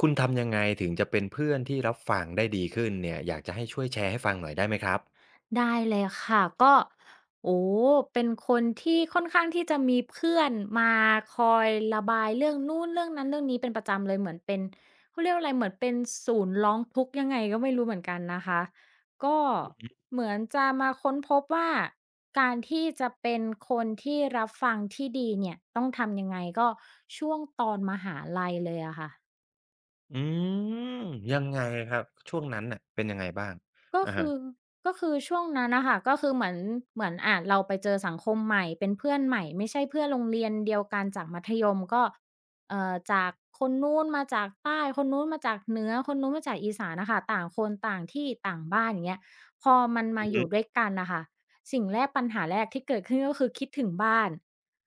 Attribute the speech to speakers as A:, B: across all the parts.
A: คุณทำยังไงถึงจะเป็นเพื่อนที่รับฟังได้ดีขึ้นเนี่ย อยากจะให้ช่วยแชร์ให้ฟังหน่อยได้ไหมครับ?
B: ได้เลยค่ะ ก็ โอ้โฮ! เป็นคนที่ค่อนข้างที่จะมีเพื่อนมาคอยระบายเรื่องนู้น เรื่องนั้น เรื่องนี้เป็นประจำเลย เหมือนเป็นเขาเรียกว่าอะไร เหมือนเป็นศูนย์ร้องทุกข์ยังไงก็ไม่รู้เหมือนกันนะคะ ก็
A: อือฮึ
B: เหมือนจะมาค้นพบว่า การที่จะเป็นคนที่รับฟังที่ดีเนี่ยต้องทำยังไง ก็ช่วงตอนมหาลัยเลยอะค่ะ
A: อืม ยังไงครับ ช่วงนั้นน่ะเป็นยังไงบ้าง?
B: ก็
A: อะ
B: ค
A: ฮะ
B: ือ ก็คือช่วงนั้นน่ะค่ะ ก็คือเหมือน เหมือน อะ เราไปเจอสังคมใหม่เป็นเพื่อนใหม่ ไม่ใช่เพื่อนโรงเรียนเดียวกันจากมัธยม ก็ เอ่อ จากคนนู้นมาจากใต้ คนนู้นมาจากเหนือ คนนู้นมาจากอีสานน่ะค่ะ ต่างคน ต่างที่ ต่างบ้าน อย่างเงี้ย พอมันม
A: อ
B: า
A: ือ
B: อ
A: ฮ
B: ย
A: ึ
B: ู่ด้วยกันน่ะค่ะ สิ่งแรกปัญหาแรกที่เกิดขึ้นก็คือ คิดถึงบ้าน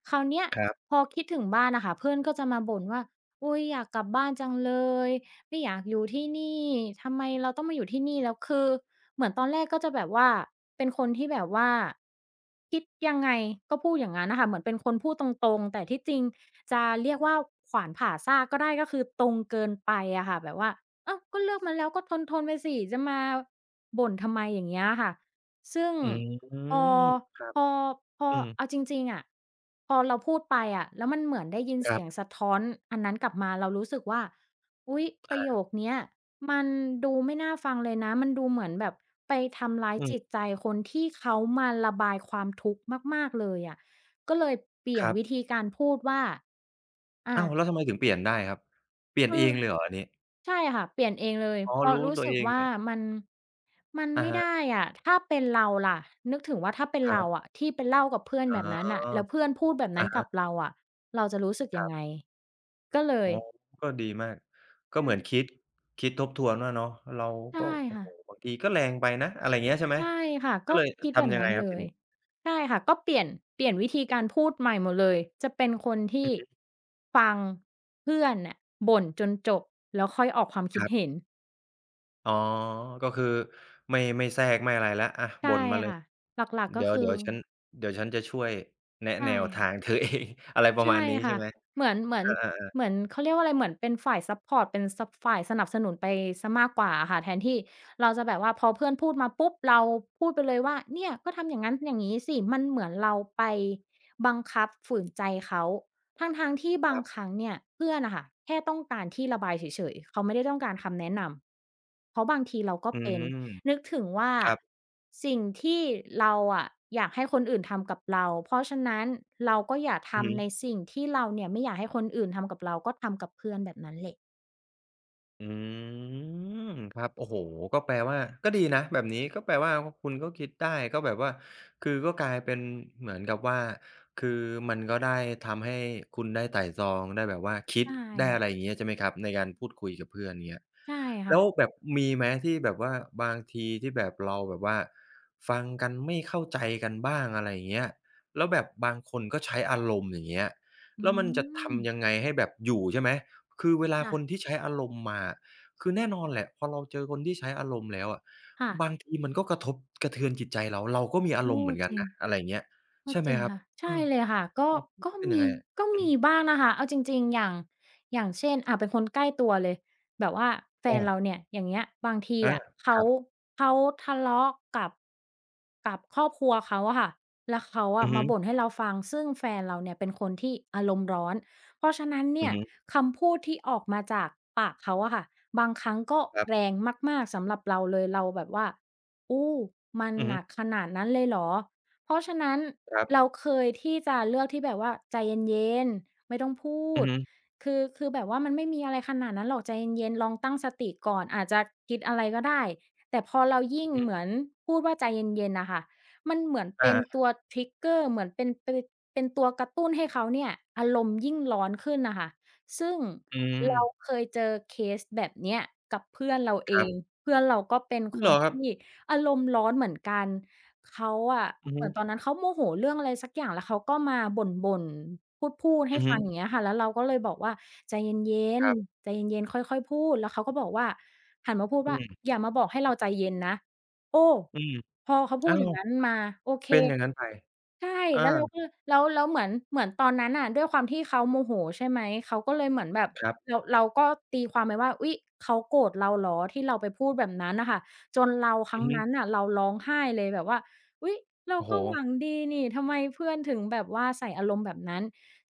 B: คราวเนี้ย
A: ครับ
B: พอคิดถึงบ้านน่ะค่ะ เพื่อนก็จะมาบ่นว่า "อุ๊ย อยากกลับบ้านจังเลย ไม่อยากอยู่ที่นี่ ทำไมเราต้องมาอยู่ที่นี่" แล้วคือ เหมือนตอนแรกก็จะแบบว่า เป็นคนที่แบบว่าคิดยังไงก็พูดอย่างงั้นน่ะค่ะ เหมือนเป็นคนพูดตรง ๆ แต่ที่จริงจะเรียกว่า ขวานผ่าซากก็ได้ ก็คือตรงเกินไปอะค่ะ แบบว่า "อ้าว! ก็เลือกมาแล้วก็ทน ๆ ไปสิ จะมาบ่นทำไม" อย่างเงี้ยอะค่ะ ซึ่ง
A: อืม
B: พอ
A: ครับ
B: พอ พอ
A: อื
B: เ
A: ม
B: อาจริง ๆ อะ พอเราพูดไปอะ แล้วมันเหมือนได้ยินเ
A: ค
B: ส
A: รั
B: ี
A: บ
B: ยงสะท้อนอันนั้นกลับมา เรารู้สึกว่า อุ๊ย ป
A: อ
B: ระโย
A: า
B: คเนี้ยมันดูไม่น่าฟังเลยนะ มันดูเหมือนแบบไปทำร้าย
A: อื
B: จ
A: ม
B: ิตใจคนที่เขามาระบายความทุกข์มาก ๆ เลยอะ ก็เลยเปลี่ย
A: ค
B: น
A: รั
B: ว
A: บ
B: ิธีการพูดว่า อา
A: อ้าว! แล้วทำไมถึงเปลี่ยนได้ครับ? เปลี่ย
B: ค
A: น
B: ื
A: เอ
B: อ
A: งเลยเหรออันนี้?
B: ใช่ค่ะ เปลี่ยนเองเลย
A: อ๋
B: เ
A: อ
B: พราะ
A: รู้
B: รู้
A: ตั
B: ส
A: ว
B: ึ
A: เ
B: ก
A: อง
B: ว่
A: เ
B: า
A: ลย
B: มัน มัน
A: อ
B: ไ
A: ะ
B: ม่
A: ฮ
B: ได
A: ะ
B: ้อะ ถ้าเป็นเราล่ะ นึกถึงว่า ถ้าเป็น
A: ค
B: เร
A: ร
B: า
A: ับ
B: อะ ที่ไปเล่ากับเพื่อน
A: อ
B: แ
A: ๋อ
B: บบนั้นน่ะ แล้วเพื่อนพูดแบบน
A: อ
B: ั้
A: ะ
B: น
A: ฮ
B: กับ
A: ะ
B: เราอะ เราจะรู้สึก
A: ค
B: ยั
A: ร
B: ง
A: ับ
B: ไง ก็เล
A: อ๋
B: ย
A: อ ก็ดีมาก ก
B: ใ
A: ็
B: ช
A: เหมือน
B: ่
A: คิด คิดทบทวนว่าเนาะ เรา
B: ใช่
A: ก็ โอ้
B: ค่
A: โฮ
B: ะ
A: บางทีก็แรงไปนะ อะไรเงี้ย ใช่ไห
B: ใ
A: ม
B: ช่ค่ะ
A: ก็
B: ก็
A: เลย
B: คิด
A: ท
B: แบบ
A: ำยั
B: น
A: ง
B: ั
A: ไง
B: ้น
A: ครั
B: เล
A: บที
B: ย
A: นี้?
B: ใช่ค่ะ ก็เปลี่ยน เปลี่ยนวิธีการพูดใหม่หมดเลย จะเป็นคนที
A: อื
B: ่
A: อฮึ
B: ฟังเพื่อนน่ะบ่นจนจบ แล้วค่อยออกความคิ
A: ค
B: ด
A: รับ
B: เห็น
A: อ๋อ ก็คือไม่ ไม่แทรก ไม่อะไรแล้ว อะ
B: ใช
A: บ
B: ่
A: ่นมาเล
B: ค
A: ย
B: ่ะ หลัก ๆ
A: เ
B: ก
A: ด
B: ็
A: ี
B: คือ
A: ๋ยว ๆ ฉัน เดี๋ยวฉันจะช่วยแนะ
B: ใช่
A: แนวท
B: ค่ะ
A: าง เธอเอง อะไรปร
B: ใ
A: ะ
B: ช
A: มา
B: ่
A: ณนี้ใ
B: ค
A: ช่
B: ่ะ
A: ไหม?
B: เหมือน เหมื
A: อ
B: อน
A: า ๆ ๆ
B: เหมือน เขาเรียกว่าอะไร เหมือนเป็นฝ่ายซัปพอร์ต เป็นซัป ฝ่ายสนับสนุนไปเสียมากกว่าอะค่ะ แทนที่เราจะแบบว่าพอเพื่อนพูดมาปุ๊บ เราพูดไปเลยว่า เนี่ยก็ทำอย่างงั้นอย่างงี้สิ มันเหมือนเราไปบังคับฝืนใจเขา ทั้ง ๆ ที่บา
A: ครั
B: ง
A: บ
B: ครั้งเนี่ย เพื่อนน่ะค่ะ แค่ต้องการที่ระบายเฉย ๆ เขาไม่ได้ต้องการคำแนะนำ เพราะบางทีเราก็
A: อื
B: เป็น
A: ม
B: นึกถึงว่า
A: ครับ
B: สิ่งที่เราอะอยากให้คนอื่นทำกับเรา เพราะฉะนั้นเราก็อย่าท
A: อือฮ
B: ำใน
A: ึ
B: สิ่งที่เราเนี่ย ไม่อยากให้คนอื่นทำกับเรา ก็ทำกับเพื่อนแบบนั้นแหละ
A: อืม ครับ โอ้โฮ ก็แปลว่า ก็ดีนะแบบนี้ ก็แปลว่าคุณก็คิดได้ ก็แบบว่า คือก็กลายเป็นเหมือนกับว่า คือมันก็ได้ทำให้คุณได้ไตร่ตรอง ได้แบบว่าคิ
B: ใช
A: ด
B: ่
A: ได้ อ
B: ค่
A: ะไ
B: ะ
A: รอย่างเงี้ย ใช่ไหมครับ? ในการพูดคุยกับเพื่อน อย่างเงี้ย
B: ใช่ค
A: แ
B: ่
A: ล้ว
B: ะ
A: แบบมีไหม ที่แบบว่าบางทีที่แบบ เราแบบว่า ฟังกันไม่เข้าใจกันบ้าง? อะไรเงี้ย แล้วแบบบางคนก็ใช้อารมณ์ อย่างเงี้ย
B: อ
A: แ
B: ื
A: ล้วมันจะท
B: ม
A: ำยังไง? ให้แบบอยู่ ใช่ไหม? คือเวลา
B: ค่
A: คน
B: ะ
A: ที่ใช้อารมณ์มา คือแน่นอนแหละ พอเราเจอคนที่ใช้อารมณ์แล้วอะ
B: ค่ะ
A: บางทีมันก็กระทบกระเทือนจิตใจเรา เราก็มีอา
B: โอ
A: ร
B: ้
A: มณ์เหมือนกั
B: จ
A: น
B: ริ
A: น
B: ง
A: ะ อะไรเงี้ย
B: ก
A: ใ
B: ็
A: ช่ไห
B: จ
A: ม
B: ริง
A: ครับ?
B: ค่ะ ใ
A: เ
B: ช
A: อ
B: ่
A: อ
B: เลยค่ะ ก็
A: ความคิด
B: ก็
A: จะเป็น
B: ม
A: ยังไ
B: ี
A: งอะ?
B: ก็
A: อื
B: มี
A: ม
B: บ้างนะคะ เอาจริง ๆ อย่าง อย่างเช่น อ่า เป็นคนใกล้ตัวเลย แบบว่าแฟ
A: อ
B: นเร
A: า
B: าเนี่ย อย่างเงี้ย บางที
A: อา
B: อะ เข
A: ค
B: า
A: รับ
B: เขาทะเลาะกับ กับครอบครัวเขาอะค่ะ แล้วเขาอ
A: อื
B: ะ
A: อฮ
B: มาบ
A: ึ
B: ่นให้เราฟัง ซึ่งแฟนเราเนี่ยเป็นคนที่อารมณ์ร้อน เพราะฉะนั้นเ
A: อ
B: น
A: ื
B: ี่
A: อ
B: ย
A: ฮึ
B: คำพูดที่ออกมาจากปากเขาอะค่ะ บางครั้งก็
A: ครับ
B: แรงมาก ๆ สำหรับเราเลย เราแบบว่า โอ้ มัน
A: อือฮ
B: ห
A: ึ
B: นักขนาดนั้นเลยเหรอ เพราะฉะนั้น
A: ครั
B: เร
A: บ
B: าเคยที่จะเลือกที่แบบว่าใจเย็น ๆ ไม่ต้องพู
A: อือ
B: ด
A: ฮึ
B: คือ คือแบบว่ามันไม่มีอะไรขนาดนั้นหรอก ใจเย็น ๆ ลองตั้งสติก่อน อาจจะคิดอะไรก็ได้ แต่พอเรายิ
A: อ
B: ่
A: ื
B: ง
A: อฮึ
B: เหมือนพูดว่าใจเย็น ๆ น่ะค่ะ มันเหมือนเ
A: อ
B: ป
A: า
B: ็น
A: ๆ
B: ตัว trigger เหมือนเป็น เป็นตัวกระตุ้นให้เขาเนี่ย อารมณ์ยิ่งร้อนขึ้นน่ะค่ะ ซึ่ง
A: อื
B: เรา
A: ม
B: เคยเจอเคสแบบเนี้ยกับเพื่อนเราเอ
A: ครับ
B: ง เพื่อนเราก็เป็นค
A: เหรอ
B: น
A: คร
B: ท
A: ับ?
B: ี่อารมณ์ร้อนเหมือนกัน เขาอะ
A: อือ
B: เ
A: ฮ
B: หมือนตอ
A: ึ
B: นนั้นเขาโมโหเรื่องอะไรสักอย่าง แล้วเขาก็มาบ่น ๆ พูด ๆ
A: อ
B: ให
A: ื
B: ้
A: อฮ
B: ฟั
A: ึ
B: ง อย่างเงี้ยค่ะ แล้วเราก็เลยบอกว่า ใจเย็น
A: ครับ
B: ๆ ใจเย็น ๆ ค่อย ๆ พูด แล้วเขาก็บอกว่า หันมาพูด
A: อ
B: ว
A: ื
B: ่า
A: ม
B: อย่ามาบอกให้เราใจเย็นนะ โอ้
A: อืม
B: พอเขาพ
A: อ
B: ู
A: ้า
B: ดอย
A: ว
B: ่างนั้นมา โอเค
A: เป็นอย่างนั้นไป
B: ใช่
A: อ
B: แล้วเรา
A: า
B: ก็เลย แล้ว แล้วเหมือน เหมือนตอนนั้นน่ะ ด้วยความที่เขาโมโหใช่ไหม? เขาก็เลยเหมือนแบบ
A: ครับ
B: เรา เราก็ตีความไปว่า อุ๊ย เขาโกรธเราเหรอ ที่เราไปพูดแบบนั้นน่ะค่ะ จนเรา คร
A: อ
B: ั
A: ื
B: ้ง
A: อฮ
B: นั
A: ึ
B: ้นน่ะ เราร้องไห้เลยแบบว่า อุ๊ย เรา
A: โอ้โฮ
B: ก็หวังดีนี่ ทำไมเพื่อนถึงแบบว่าใส่อารมณ์แบบนั้น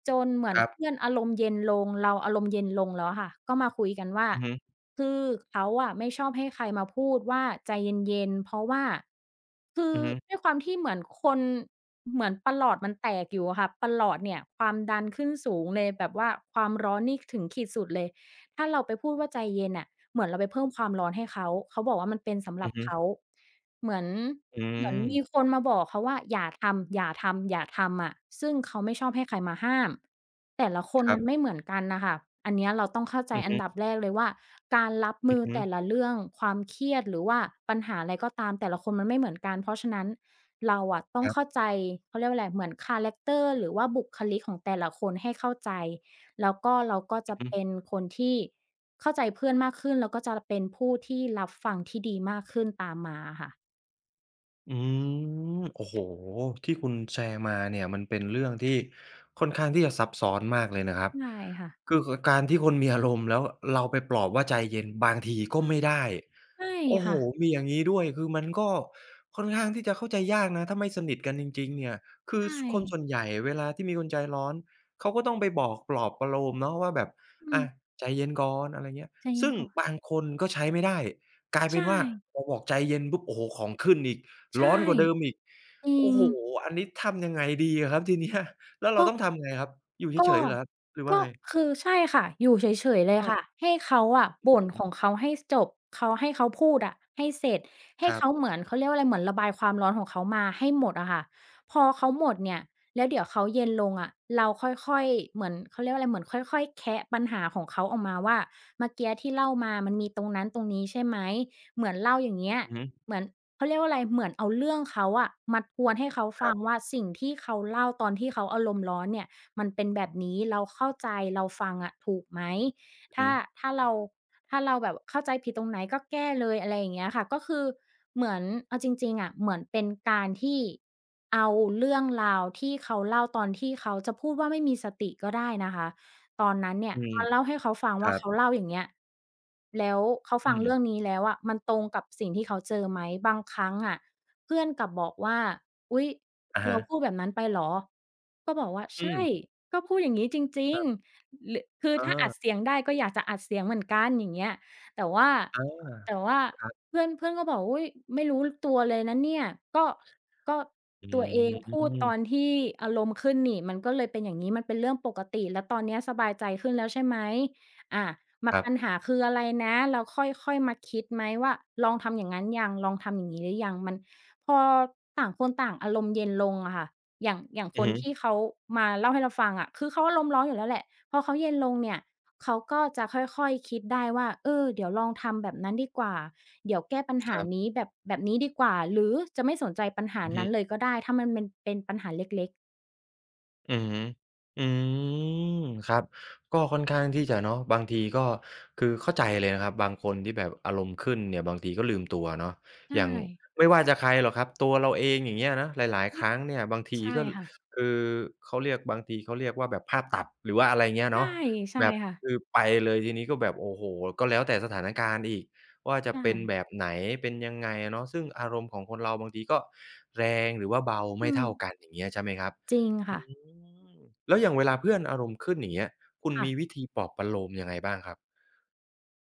B: จนเหมือ
A: ค
B: น
A: รั
B: เพ
A: บ
B: ื่อนอารมณ์เย็นลง เราอารมณ์เย็นลงแล้วค่ะ ก็มาคุยกันว่า
A: อือฮึ
B: คือเขาอะไม่ชอบให้ใครมาพูดว่า ใจเย็น ๆ เพราะว่า คื
A: อ
B: อ
A: ือฮึ
B: ด้วยความที่เหมือนคน เหมือนปรอทมันแตกอยู่อะค่ะ ปรอทเนี่ย ความดันขึ้นสูงเลย แบบว่าความร้อนนี่ถึงขีดสุดเลย ถ้าเราไปพูดว่าใจเย็นน่ะ เหมือนเราไปเพิ่มความร้อนให้เขา เขาบอกว่ามันเป็นสำห
A: อ
B: ร
A: ื
B: ั
A: อ
B: บ
A: ฮึ
B: เขา เหมือน
A: อื
B: เหมือนม
A: ม
B: ีคนมาบอกเขาว่า อย่าทำ อย่าทำ อย่าทำอะ ซึ่งเขาไม่ชอบให้ใครมาห้าม แต่ละคน
A: ครั
B: มัน
A: บ
B: ไม่เหมือนกันน่ะค่ะ อันเนี้ยเราต้องเข้าใจ
A: อือ
B: อ
A: ฮ
B: ัน
A: ึ
B: ดับแรกเลยว่า การรับ
A: อ
B: ม
A: ื
B: ื
A: อ
B: อ
A: ฮึ
B: แต่ละเรื่อง ความเครียด หรือว่าปัญหาอะไรก็ตามแต่ละคนมันไม่เหมือนกัน เพราะฉะนั้นเราอะต้อ
A: ค
B: ง
A: รั
B: เ
A: บ
B: ข้าใจ เขาเรียกว่าอะไร เหมือนคาแรกเตอร์ หรือว่าบุคลิกของแต่ละคนให้เข้าใจ แล้วก็ เราก็
A: อ
B: จ
A: ื
B: ะ
A: อฮ
B: เป
A: ึ
B: ็นคนที่เข้าใจเพื่อนมากขึ้น แล้วก็จะเป็นผู้ที่รับฟังที่ดีมากขึ้นตามมาอะค่ะ
A: อืม โอ้โฮ ที่คุณแชร์มาเนี่ย มันเป็นเรื่องที่ค่อนข้างที่จะซับซ้อนมากเลยนะครับ
B: ใช่ค่ะ
A: คือ ก การที่คนมีอารมณ์แล้วเราไปปลอบว่าใจเย็น บางทีก
B: ใ
A: ็
B: ช่
A: ไม่ได้
B: ใช่
A: โอ้
B: ค
A: โฮ
B: ่ะ
A: มีอย่างงี้ด้วย คือมันก็ค่อนข้างที่จะเข้าใจยากนะ ถ้าไม่สนิทกันจริง ๆ เนี่ย คื
B: ใช
A: อ ส คน
B: ่
A: ส่วนใหญ่เวลาที่มีคนใจร้อน เขาก็ต้องไปบอกปลอบประโลมเนาะว่าแบบ
B: อื
A: อะ
B: ม
A: ใจเย็นก่อน อะไรเงี้ย
B: ใจเย
A: ซ
B: ็
A: ึ
B: น
A: ่ง
B: ก่อน
A: บางคนก็ใช้ไม่ได้ กลาย
B: ใ
A: เป
B: ช
A: ็นว่า
B: ่
A: เราบอกใจเย็นปุ๊บ โอ้โฮ ของขึ้นอีก
B: ใช
A: ร
B: ่
A: ้อนกว่าเดิมอีก
B: จริ
A: โอ้
B: ง
A: โฮ อันนี้ทำยังไงดีอะครับที เนี้ย แล้วเ
B: ก
A: รา
B: ็
A: ต้องทำไงครับ อยู่เ
B: ก็
A: ฉย ๆ เหรอครับ? หรือว
B: ก
A: ่า
B: ็
A: ไง?
B: คือใช่ค่ะ อยู่เฉย ๆ เลยค
A: เออ
B: ่ะ ให้เขาอะ
A: นึ
B: บ
A: ก
B: ่
A: ถ
B: น
A: ึง
B: ของเขาให้จบ เขาให้ เขาพูดอะ ให้เสร็จ ให้
A: ครั
B: เข
A: บ
B: าเหมือน เขาเรียกว่าอะไร เหมือนระบายความร้อนของเขามาให้หมดอะค่ะ พอเขาหมดเนี่ย แล้วเดี๋ยวเขาเย็นลงอะ เราค่อย ๆ เหมือนเขาเรียกว่าอะไร เหมือนค่อย ๆ แคะปัญหาของเขาออกมาว่า เมื่อกี้อะที่เล่ามามันมีตรงนั้นตรงนี้ใช่ไหม เหมือนเล่าอย่างเงี้ย
A: อือฮึ
B: เหมือน เขาเรียกว่าไร เหมือนเอาเรื่องเขาอะ มาทวนให้เขาฟ
A: คร
B: ั
A: ั
B: ง
A: บ
B: ว่า สิ่งที่เขาเล่าตอนที่เขาอารมณ์ร้อนเนี่ย มันเป็นแบบนี้ เราเข้าใจ เราฟังอะ ถูกไหม ถ
A: อื
B: ้
A: อ
B: า
A: ฮึ
B: ถ้าเรา ถ้าเราแบบเข้าใจผิดตรงไหนก็แก้เลย อะไรเงี้ยค่ะ ก็คือเหมือน เอาจริง ๆ อะ เหมือนเป็นการที่เอาเรื่องราวที่เขาเล่าตอนที่เขา จะพูดว่า ไม่มีสติก็ได้นะคะ ตอนนั้นเนี่
A: อื
B: ย
A: ม
B: มาเล่าให้เขาฟัง
A: ค
B: ว่
A: ร
B: า
A: ั
B: เข
A: บ
B: าเล่าอย่างเงี้ย แล้วเขา
A: อ
B: ฟ
A: ื
B: ังเรื่
A: ม
B: องนี้แล้วอะ มันตรงกับสิ่งที่เขาเจอไหม บางครั้งอะ เพื่อนกลับบอกว่า อุ๊ย
A: อะ
B: "เ
A: ฮ
B: รา
A: ะ
B: พูดแบบนั้นไปเหรอ?" ก็บอกว่า
A: อ
B: "ใ
A: ื
B: ช่
A: ม
B: ก็พูดอย่างงี้จริง ๆ
A: ครับ
B: ร คือ
A: เ
B: ถ้าอั
A: อ
B: ด
A: อ
B: เสียงได้ก็อยากจะอัดเสียงเหมือนกัน" อย่างเงี้ย แต่ว่า
A: อา
B: แต่ว่า
A: ครับ
B: เพื่อน เพื่อนก็บอกว่า "อุ้ย ไม่รู้ ล ตัวเลยนะเนี่ย" ก็ ก็
A: อื
B: ตัวเองพูดต
A: ม
B: อนที่อารมณ์ขึ้นนี่ มันก็เลยเป็นอย่างนี้ มันเป็นเรื่องปกติ แล้วตอนนี้สบายใจขึ้นแล้วใช่ไหม อ่า ม
A: ครั
B: ป
A: บ
B: ัญหาคืออะไรนะ เราค่อย ๆ มาคิดไหมว่า ลองทำอย่างงั้นยัง ลองทำอย่างงี้หรือยัง มัน พอต่างคนต่างอารมณ์เย็นลงอะค่ะ อย่าง อย่าง
A: อ
B: ค
A: ือ
B: น
A: ฮ
B: ที
A: ึ
B: ่เขามาเล่าให้เราฟังอะ คือเขาอารมณ์ร้อนอยู่แล้วแหละ พอเขาเย็นลงเนี่ย เขาก็จะค่อย ๆ คิดได้ว่า เออ เดี๋ยวลองทำแบบนั้นดีกว่า เดี๋ยวแก้ปัญห
A: ค
B: า
A: รับ
B: นี้แบบ แบบนี้ดีกว่า หรือจะไม่สนใจปัญหา
A: อือ
B: น
A: ฮ
B: ั้
A: ึ
B: นเลยก็ได้ ถ้ามันเม็น เป็นปัญหาเล็ก ๆ
A: อือฮึ อืม ครับ ก็ค่อนข้างที่จะเนาะ บางทีก็ คือเข้าใจเลยนะครับ บางคนที่แบบอารมณ์ขึ้นเนี่ย บางทีก็ลืมตัวเนาะ
B: ใช
A: อย่าง
B: ่
A: ไม่ว่าจะใครหรอกครับ ตัวเราเอง อย่างเงี้ยนะ หลาย
B: อ
A: ๆ
B: ื
A: คร
B: ม
A: ั้งเนี่ยบางที
B: ใช่
A: ก็ ล
B: ค่ะ
A: คือ เขาเรียก บางทีเขาเรียกว่า แบบภาพตัด หรือว่าอะไรเงี้ย
B: ใช
A: เน
B: ่
A: าะ
B: ใช่
A: แบบ
B: ค่ะ
A: คือไปเลยทีนี้ก็แบบ โอ้โฮ ก็แล้วแต่สถานการณ์อีกว่า จ
B: ใช
A: ะเป็น
B: ่
A: แบบไหน เป็นยังไงอะเนาะ ซึ่งอารมณ์ของคนเราบางทีก็แรง หรือว่าเบา
B: อื
A: ไม่เท่า
B: ม
A: กัน อย่างเงี้ย ใช่ไหมครับ?
B: จริงค
A: อื
B: ่ะ
A: ม แล้วอย่างเวลาเพื่อนอารมณ์ขึ้น อย่างเงี้ย คุณ
B: ค่
A: ม
B: ะ
A: ีวิธีปลอบประโลมยังไงบ้างครับ?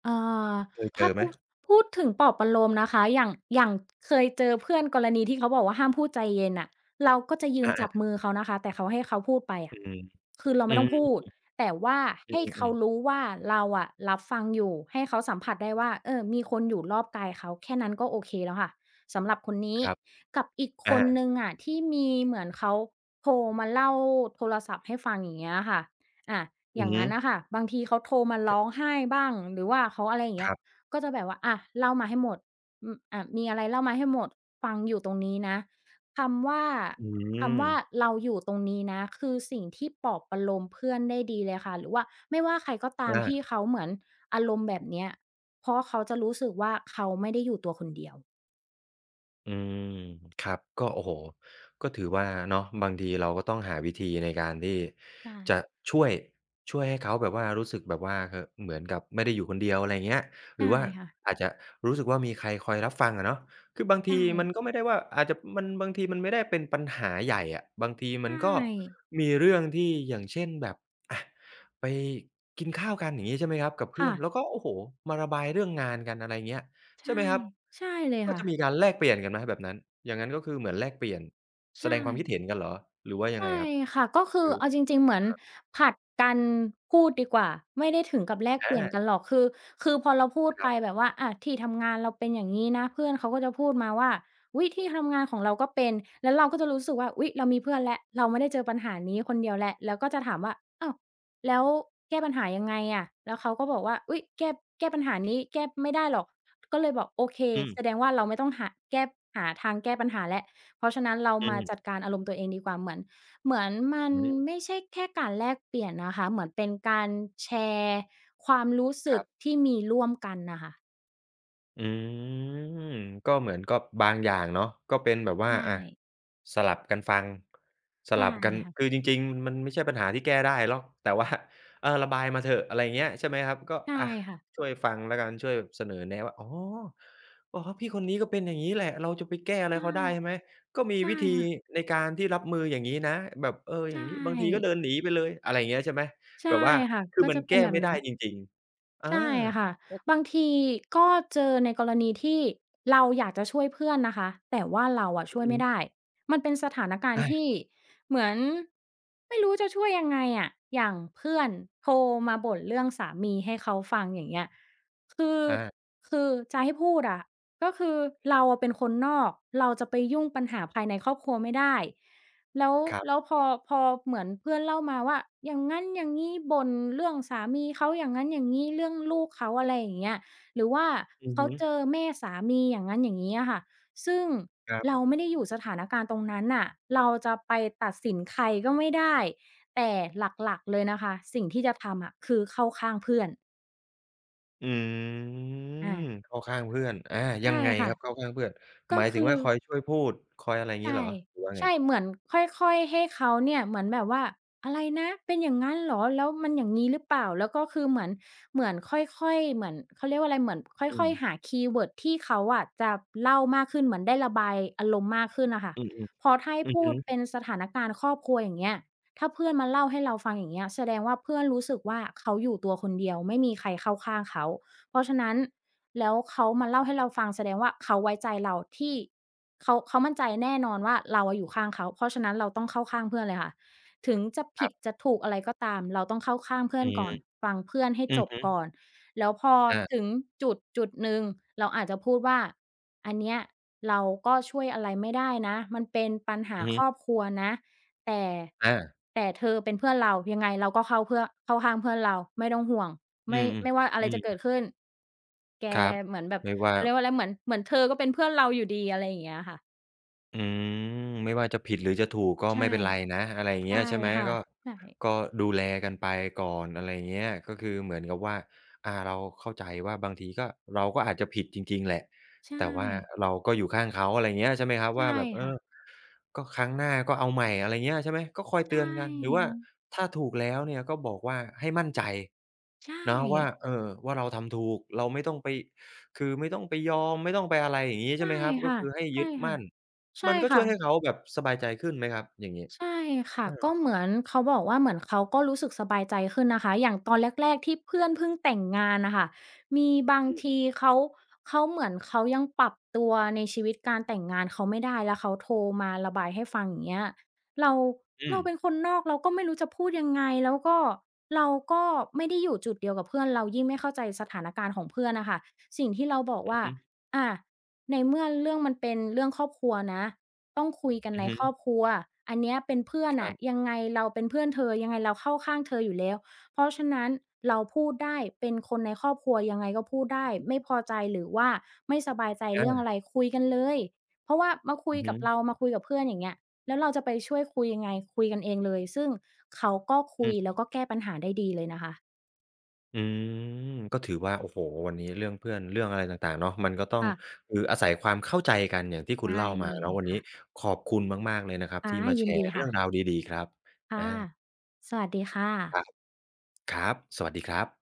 B: เอ่อ
A: เคยเ
B: ถ
A: จ
B: ้า
A: อ
B: พ
A: ไหม?
B: ูด พูดถึงปลอบประโลมนะคะ อย่าง อย่างเคยเจอเพื่อนกรณีที่เขาบอกว่า ห้ามพูดใจเย็นน่ะ เราก็จะยื
A: อ
B: นจ
A: า
B: ั
A: ๆ
B: บมือเขานะคะ แต่เขา ให้เขาพูดไปอะ
A: อืม
B: คือเรา
A: ๆ อ
B: ไ
A: ื
B: ม่
A: อ
B: ต้อง
A: ฮึ
B: พูด แต่ว่า
A: อื
B: ให้เขา
A: ม ๆ ๆ
B: รู้ว่า เราอะรับฟังอยู่ ให้เขาสัมผัสได้ว่า เออ มีคนอยู่รอบกายเขา แค่นั้นก็โอเคแล้วค่ะ สำหรับคนนี้
A: ครับ
B: กับอีก
A: อ
B: คนห
A: า
B: นึ่งอะ ที่มี เหมือนเขาโทรมาเล่า โทรศัพท์ให้ฟัง อย่างเงี้ยค่ะ อะ
A: อ
B: อ
A: ื
B: ย่
A: อ
B: าง
A: ฮ
B: ง
A: ึ
B: ั้นน่ะค่ะ บางทีเขาโทรมาร
A: ก
B: ้องไห้บ้าง หรือว่าเขา อะไรอย่างเง
A: ค
B: ี้
A: ร
B: ย
A: ับ
B: ก็จะแบบว่า อะ เล่ามาให้หมด อืม อ่า มีอะไรเล่ามาให้หมด ฟังอยู่ตรงนี้นะ คำว่า
A: อื
B: คำว่
A: ม
B: าเราอยู่ตรงนี้นะ คือสิ่งที่ปลอบประโลมเพื่อนได้ดีเลยค่ะ หรือว่า ไม่ว่าใครก็ตา
A: อ
B: มท
A: า
B: ี่เขาเหมือนอารมณ์แบบเนี้ย เพราะเขาจะรู้สึกว่า เขาไม่ได้อยู่ตัวคนเดียว
A: อืม ครับ ก็ โอ้โฮ ก็ถือว่าเนาะ บางทีเราก็ต้องหาวิธีในการที่
B: ใช
A: จะ
B: ่
A: ช่วย ช่วยให้เขาแบบว่ารู้สึกแบบว่า เหอะ เหมือนกับไม่ได้อยู่คนเดียว อะไรอย่างเงี้ย
B: ใ
A: ห
B: ช
A: ร
B: ่
A: ือว่า
B: ค่ะ
A: อาจจะรู้สึกว่า มีใครคอยรับฟังอะเนาะ คือบาง
B: ใช
A: ทีมัน
B: ่
A: ก็ไม่ได้ว่า อาจจะ มัน บางทีมันไม่ได้เป็นปัญหาใหญ่อะ บางที
B: ใช
A: มันก็
B: ่
A: มีเรื่องที่ อย่างเช่น แบบ อะ ไปกินข้าวกัน อย่างงี้ ใช่ไหมครับ กับเพ
B: ค
A: ื
B: ่
A: ่อน
B: ะ
A: แล้วก็ โอ้โฮ มาระบายเรื่องงานกัน อะไรอย่างเงี้ย
B: ใช
A: ใช่ไห
B: ่
A: มครับ
B: ใช่เลย
A: ก็
B: ค่
A: จะม
B: ะ
A: ีการแลกเปลี่ยนกันไหมแบบนั้น? อย่างงั้นก็คือเหมือนแลกเปลี่ยน
B: ใช
A: แสดงความค
B: ่
A: ิดเห็นกันเหรอ หรือว่ายั
B: ใช
A: งไง
B: ่
A: ครับ
B: ค่ะ ก็คื
A: ค
B: อ
A: ือ
B: เอาจริง ๆ เหมือน
A: ครับ
B: ผลัดกันพูดดีกว่า ไม่ได้ถึงกับแลก
A: อ
B: เปลี่ยน
A: า
B: กันหรอก คือ คือพอเราพูด
A: ค
B: ไ
A: ร
B: ป
A: ับ
B: แบบว่า อะ ที่ทำงานเราเป็นอย่างงี้นะ เพื่อนเขาก็จะพูดมาว่า "อุ๊ย! ที่ทำงานของเราก็เป็น" แล้วเราก็จะรู้สึกว่า อุ๊ย! เรามีเพื่อนแล้ว เราไม่ได้เจอปัญหานี้คนเดียวแล้ว แล้วก็จะถามว่า "อ้าว แล้วแก้ปัญหายังไงอะ?" แล้วเขาก็บอกว่า "อุ๊ย! แก้ แก้ปัญหานี้ แก้ไม่ได้หรอก" ก็เลยบอก "โอเค
A: อืม
B: แสดงว่าเราไม่ต้องหา แก้ หาทางแก้ปัญหาแล้ว เพราะฉะนั้นเรา
A: อื
B: มาจ
A: ม
B: ัดการอารมณ์ตัวเองดีกว่า" เหมือน เหมือนมัน
A: อืม
B: ไม่ใช่แค่การแลกเปลี่ยนนะคะ เหมือนเป็นการแชร์ความรู้ส
A: ค
B: ึ
A: ร
B: ก
A: ับ
B: ที่มีร่วมกันน่ะค่ะ
A: อืม ก็เหมือน ก็บางอย่างเนาะ ก็เป็นแบบว่
B: ใ
A: า
B: ช
A: อะ
B: ่
A: สลับกันฟัง ส
B: ใช
A: ล
B: ่
A: ับกัน
B: ค่ะ
A: คือจริง ๆ มันไม่ใช่ปัญหาที่แก้ได้หรอก แต่ ว่า เออ ระบายมาเถอะ อะไรเงี้ย ใช่ไหมครับ? ก็
B: ใช่
A: อะ
B: ค่ะ
A: ช่วยฟังแล้วกัน ช่วยเสนอแนะว่า อ๋อ อ๋อ พี่คนนี้ก็เป็นอย่างงี้แหละ เราจะไปแก้อะไ
B: ใ
A: ร
B: ช่
A: เขาได้ใช่ไหม? ก็มี
B: ใช่
A: วิธี
B: ค่ะ
A: ในการที่รับมืออย่างงี้นะ แบบ เออ
B: ใช
A: อย่างงี้ บางทีก็เด
B: ่
A: ินหนีไปเลย อะไรอย่างเงี้ยใช่ไหม?
B: ใช
A: แ
B: ่
A: บบว่า
B: ค่ะ
A: คื
B: ก
A: อ
B: ็
A: มั
B: จ
A: น
B: ะเ
A: แ
B: ป
A: ก
B: ็น
A: ้
B: แบบ
A: ไม่ไ
B: น
A: ด
B: ั
A: ้
B: ้น
A: จริง ๆ อา
B: ใช่ค่ะ บางทีก็เจอในกรณีที่เราอยากจะช่วยเพื่อนนะคะ แต่ว่าเราอะ
A: อ
B: ช
A: ื
B: ่ว
A: อ
B: ย
A: ฮ
B: ไม่
A: ึ
B: ได้ มันเป็นสถานการณ
A: อ
B: ์ท
A: า
B: ี่เหมือน ไม่รู้จะช่วยยังไงอะ อย่างเพื่อนโทรมาบ่นเรื่องสามีให้เขาฟัง อย่างเงี้ย คือ
A: อา
B: คือจะให้พูดอะ ก็คือเราอะเป็นคนนอก เราจะไปยุ่งปัญหาภายในครอบครัวไม่ได้ แล้ว
A: ครับ
B: แล้วพอ พอเหมือนเพื่อนเล่ามาว่า อย่างนั้นอย่างนี้ บ่นเรื่องสามีเขาอย่างนั้นอย่างนี้ เรื่องลูกเขา อะไรอย่างเงี้ย หรือว่า
A: อือ
B: เข
A: ฮ
B: า
A: ึ
B: เจอแม่สามี อย่างงั้นอย่างงี้อะค่ะ ซึ่ง
A: ครับ
B: เราไม่ได้อยู่สถานการณ์ตรงนั้นน่ะ เราจะไปตัดสินใครก็ไม่ได้ แต่หลัก ๆ เลยนะคะ สิ่งที่จะทำอะ คือเข้าข้างเพื่อน
A: อืม
B: อา
A: เข้าข้างเพื่อน อา
B: ใช
A: ยั
B: ่
A: งไง
B: ค่ะ
A: ครับเข้าข้างเพื่อน?
B: ก็
A: หมาย
B: ค
A: ถึ
B: ื
A: ง
B: อ
A: ว่าคอยช่วยพูด คอยอะไร อย่าง
B: ใ
A: ง
B: ช
A: ี้เ
B: ่
A: หรอ หรือว่า
B: ใ
A: ไ
B: ช
A: ง?
B: ่ เหมือนค่อย ๆ ให้เขาเนี่ย เหมือนแบบว่า "อะไรนะ? เป็นอย่างงั้นเหรอ? แล้วมันอย่างงี้หรือเปล่า?" แล้วก็คือเหมือน เหมือนค่อย ๆ เหมือนเขาเรียกว่าอะไร เหมือนค
A: อื
B: ่อย
A: ม
B: ๆ หาคีย์เวิร์ดที่เขาอะจะเล่ามากขึ้น เหมือนได้ระบายอารมณ์มากขึ้นน่ะค่ะ
A: อือ
B: เพราะถ้าให
A: ๆ
B: ้
A: อือ
B: พู
A: ฮ
B: ด
A: ึ
B: เป็นสถานการณ์ครอบครัว อย่างเงี้ย ถ้าเพื่อนมาเล่าให้เราฟัง อย่างเงี้ย แสดงว่าเพื่อนรู้สึกว่า เขาอยู่ตัวคนเดียว ไม่มีใครเข้าข้างเขา เพราะฉะนั้นแล้วเขามาเล่าให้เราฟังแสดงว่า เขาไว้ใจเราที่ เขา เขามั่นใจแน่นอนว่า เราอะอยู่ข้างเขา เพราะฉะนั้นเราต้องเข้าข้างเพื่อนเลยค่ะ ถึงจะผ
A: คร
B: ิ
A: ั
B: ด
A: บ
B: จะถูกอะไรก็ตาม เราต้องเข้าข้างเพื่
A: อ
B: อ
A: ื
B: น
A: ม
B: ก่อน ฟังเพื่อนให้
A: อื
B: จ
A: อ
B: บ
A: ฮึ
B: ก่อน แล้วพอ
A: อา
B: ถึงจุดจุดหนึ่ง เราอาจจะพูดว่า "อันเนี้ยเราก็ช่วยอะไรไม่ได้นะ มันเป็นปัญหา
A: อือฮ
B: คร
A: ึ
B: อบครัวนะ แต่
A: อา
B: แต่เธอเป็นเพื่อนเรา ยังไงเราก็เข้าเพื่อ เข้าข้างเพื่อนเรา ไม่ต้องห่วง
A: อ
B: ไ
A: ื
B: ม่
A: ม
B: ไม่ว่าอ
A: ๆ
B: ะ
A: อ
B: ไร
A: ื
B: จะเกิ
A: ม
B: ดขึ้น แก
A: ครับ
B: เหมือนแบบ"
A: ไม่ว่
B: เ
A: า
B: ขาเรียกว่าอะไร "เหมือน เหมือนเธอก็เป็นเพื่อนเราอยู่ดี" อะไรอย่างเงี้ยค่ะ
A: อืม ไม่ว่าจะผิดหรือจะถูก ก็
B: ใช
A: ไ
B: ่
A: ม่เป็นไรนะ อะไรอย่าง
B: ใ
A: เ
B: ช
A: งี
B: ่
A: ้ย ใช่ไหม?
B: ค่ะ
A: ก็
B: ใช่
A: ก็ดูแลกันไปก่อน อะไรอย่างเงี้ย ก็คือเหมือนกับว่า อ่า เราเข้าใจว่าบางที ก็ เราก็อาจจะผิดจริง ๆ แหละ
B: ใช
A: แต่ว่า
B: ่
A: เราก็อยู่ข้างเขา อะไรเงี้ย ใช่ไหมครับ
B: ใช
A: ว
B: ่
A: ่าแบบ เออ
B: ค่ะ
A: ก็ ครั้งหน้าก็เอาใหม่ อะไรเงี้ย ใช่ไหม ก็คอย
B: ใช
A: เตือนกัน หรือว่า
B: ่
A: ถ้าถูกแล้วเนี่ย ก็บอกว่า ให้มั่นใจ
B: ใช
A: เนาะว่า
B: ่
A: เอ่อ ว่าเราทำถูก เราไม่ต้องไป คือไม่ต้องไปยอม ไม่ต้องไป อะไรอย่างงี้
B: ใ
A: ใ
B: ช
A: ช่
B: ่
A: ไหมครับ?
B: ค
A: ก็
B: ่ะ
A: คือให้
B: ใช
A: ยึ
B: ่
A: ด
B: ค
A: ม
B: ่
A: ั
B: ะ
A: ่น
B: ใช
A: ม
B: ่
A: ันก็
B: ค
A: ช
B: ่
A: ่วยให้
B: ะ
A: เขาแบบสบายใจขึ้นไหมครับ อย่างงี้?
B: ใช่ค่
A: เ
B: ะ
A: ออ
B: ก็เหมือนเขาบอกว่า เหมือนเขาก็รู้สึกสบายใจขึ้นนะคะ อย่างตอนแรก ๆ ที่เพื่อนพึ่งแต่งงานน่ะค่ะ มีบาง
A: อืม
B: ทีเขา เขาเหมือนเขายังปรับตัวในชีวิตการแต่งงานเขาไม่ได้ แล้วเขาโทรมาระบายให้ฟัง อย่างเงี้ย เรา
A: อ
B: เ
A: ื
B: ราเป
A: ม
B: ็นคนนอก เราก็ไม่รู้จะพูดยังไง แล้วก็ เราก็ไม่ได้อยู่จุดเดียวกับเพื่อน เรายิ่งไม่เข้าใจสถานการณ์ของเพื่อนน่ะค่ะ สิ่งที่เราบอก
A: อ
B: ว
A: ื
B: ่า
A: อฮึ
B: อะ ในเมื่อเรื่องมันเป็นเรื่องครอบครัวนะ ต้องคุยกัน
A: อื
B: ใ
A: อ
B: น
A: ฮึ
B: ครอบครัว อันเนี้ยเป็นเพื่อน
A: ค
B: น
A: ร
B: ่
A: ั
B: ะ
A: บ
B: ยังไงเราเป็นเพื่อนเธอ ยังไงเราเข้าข้างเธออยู่แล้ว เพราะฉะนั้นเราพูดได้ เป็นคนในครอบครัวยังไงก็พูดได้ ไม่พอใจหรือว่าไม่สบายใจ
A: อ
B: เรื่องอ
A: า
B: ะไร คุยกันเลย เพราะว่ามาคุ
A: อื
B: ย
A: อฮ
B: กับเร
A: ึ
B: า มาคุยกับเพื่อน อย่างเงี้ย แล้วเราจะไปช่วยคุยยังไง คุยกันเองเลย ซึ่งเขาก็ค
A: อ
B: ุย
A: ือ
B: แล้วก็แก้ปัญหาได้ดีเลยนะคะ
A: อืม ก็ถือว่า โอ้โฮ! วันนี้เรื่องเพื่อน เรื่องอะไรต่าง ๆ เนาะ มันก็ต้อ
B: ค
A: ง
B: ่ะ
A: คืออาศัยความเข้าใจกันอย่างที่
B: ไ
A: คุ
B: ด
A: ณเล
B: ้
A: ่าม
B: เ
A: า
B: ล
A: เนา
B: ย
A: ะ วัน
B: ค
A: นี
B: ่
A: ้
B: ะ
A: ขอบคุณมาก ๆ เลยนะครับ
B: ค่
A: ท
B: ะ
A: ี่มา
B: ย
A: แช
B: ินด
A: ร
B: ี
A: ์เร
B: ค
A: ื
B: ่
A: ่อง
B: ะ
A: ราวดี ๆ ครับ
B: ค่
A: อ
B: ะ
A: า
B: สวัสดีค่ะ
A: ครับ ครับ สวัสดีครับ